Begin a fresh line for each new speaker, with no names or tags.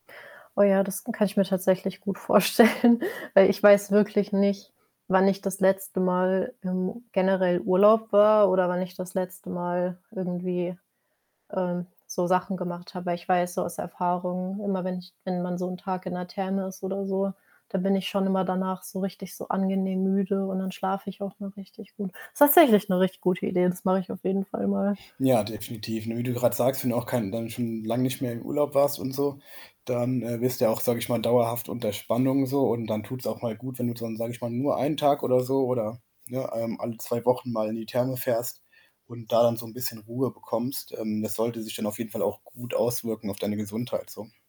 Oh ja, das kann ich mir tatsächlich gut vorstellen, weil ich weiß wirklich nicht, wann ich das letzte Mal im generell Urlaub war oder wann ich das letzte Mal irgendwie, ähm, so Sachen gemacht habe. Weil ich weiß, so aus Erfahrung, immer wenn ich wenn man so 'n Tag in der Therme ist oder so, dann bin ich schon immer danach so richtig so angenehm müde und dann schlafe ich auch mal richtig gut. Ist tatsächlich 'ne richtig gute Idee, das mache ich auf jeden Fall mal.
Ja, definitiv, ne? Wie du grad sagst, wenn du auch kein dann schon lang nicht mehr im Urlaub warst und so, dann, äh, wirst du ja auch, sage ich mal, dauerhaft unter Spannung so, und dann tut's auch mal gut, wenn du dann, sage ich mal, nur 1 Tag oder so oder, ne, ähm, alle 2 Wochen mal in die Therme fährst und da dann so 'n bisschen Ruhe bekommst. Ähm, das sollte sich dann auf jeden Fall auch gut auswirken auf deine Gesundheit so.